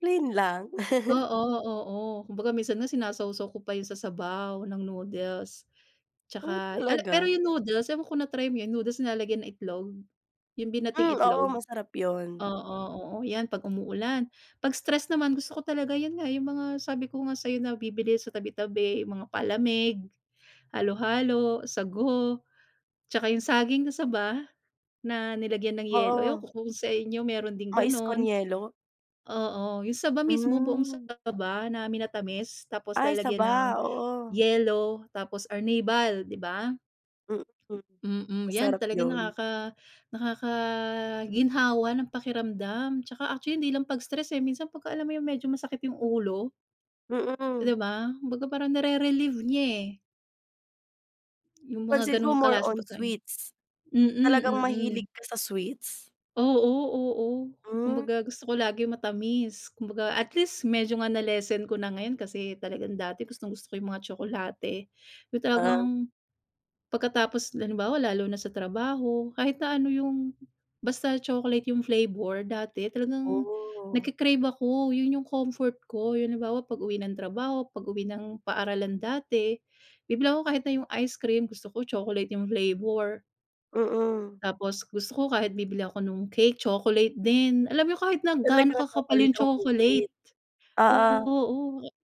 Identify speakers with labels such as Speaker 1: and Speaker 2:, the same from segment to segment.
Speaker 1: Plain lang.
Speaker 2: Oo, oo, kumbaga minsan nga, sinasawsaw ko pa yun sa sabaw ng noodles,
Speaker 1: Oh,
Speaker 2: 'tsaka, ala pero
Speaker 1: talaga?
Speaker 2: yung noodles, ewan ko kung na-try mo yun yung noodles, nilalagyan ng itlog, yung binating
Speaker 1: Hmm, oo,
Speaker 2: itlog?
Speaker 1: masarap yun.
Speaker 2: Oo, oo, 'yan pag umuulan. Pag stress naman, gusto ko talaga yun nga, yung mga sabi ko nga sa'yo, nabibili sa tabi-tabi, yung mga palamig, halo-halo, sago, 'tsaka yung saging na saba na nilagyan ng yelo, ewan
Speaker 1: Oo.
Speaker 2: ko kung sa inyo meron ding
Speaker 1: Mais con
Speaker 2: ganon.
Speaker 1: yelo?
Speaker 2: Oo, yung saba mismo, buong
Speaker 1: Hmm.
Speaker 2: saba na minatamis, tapos
Speaker 1: Ay,
Speaker 2: lalagyan ng
Speaker 1: saba, oo.
Speaker 2: yelo, tapos, arnibal, di ba?
Speaker 1: Mhm.
Speaker 2: Mm, yan
Speaker 1: Masarap
Speaker 2: talaga
Speaker 1: yun.
Speaker 2: nakaka nakakaginhawa ng pakiramdam, 'tsaka actually hindi lang pag stress, eh, minsan pagka-alam mo yung medyo masakit yung ulo? 'Di
Speaker 1: Mm.
Speaker 2: ba? Kumbaga parang nere-relieve niya, eh. Yung mga
Speaker 1: Pansin ko,
Speaker 2: ganong
Speaker 1: more
Speaker 2: klaseng
Speaker 1: on
Speaker 2: pagkain,
Speaker 1: sweets.
Speaker 2: mm,
Speaker 1: Talagang
Speaker 2: mm.
Speaker 1: mahilig ka sa sweets?
Speaker 2: Oo, oo,
Speaker 1: Hmm.
Speaker 2: kumbaga, gusto ko lagi matamis, kumbaga, at least, medyo nga na-lessen ko na ngayon, kasi, talagang dati gustong-gusto ko yung mga tsokolate, yung
Speaker 1: Ah.
Speaker 2: talagang pagkatapos halimbawa lalo na sa trabaho, kahit na ano yung basta chocolate yung flavor, dati, talagang
Speaker 1: Oh.
Speaker 2: nagke-crave ako, yun yung comfort ko, yung halimbawa, pag-uwi ng trabaho, pag-uwi ng paaralan dati, bibili ako kahit na yung ice cream, gusto ko chocolate yung flavor.
Speaker 1: Mm.
Speaker 2: Tapos, gusto ko kahit bibili ako ng cake, chocolate din, alam mo yung kahit na gaano
Speaker 1: Talagang
Speaker 2: kakapal yung
Speaker 1: chocolate ang
Speaker 2: chocolate
Speaker 1: favorite.
Speaker 2: o
Speaker 1: Oo.
Speaker 2: oo,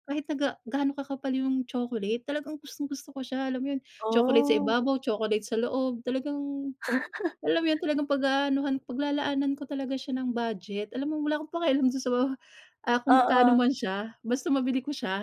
Speaker 2: kahit na ga gaano kakapal yung chocolate, talagang gustong gusto ko siya, alam mo yun, chocolate sa
Speaker 1: Oh.
Speaker 2: ibabaw, chocolate sa loob, talagang alam mo yun, talagang pag-aanuhan, paglalaanan ko talaga siya ng budget, alam mo, wala akong pakialam dun sa, ah, kung magkano
Speaker 1: Oo.
Speaker 2: man siya, basta mabili ko siya.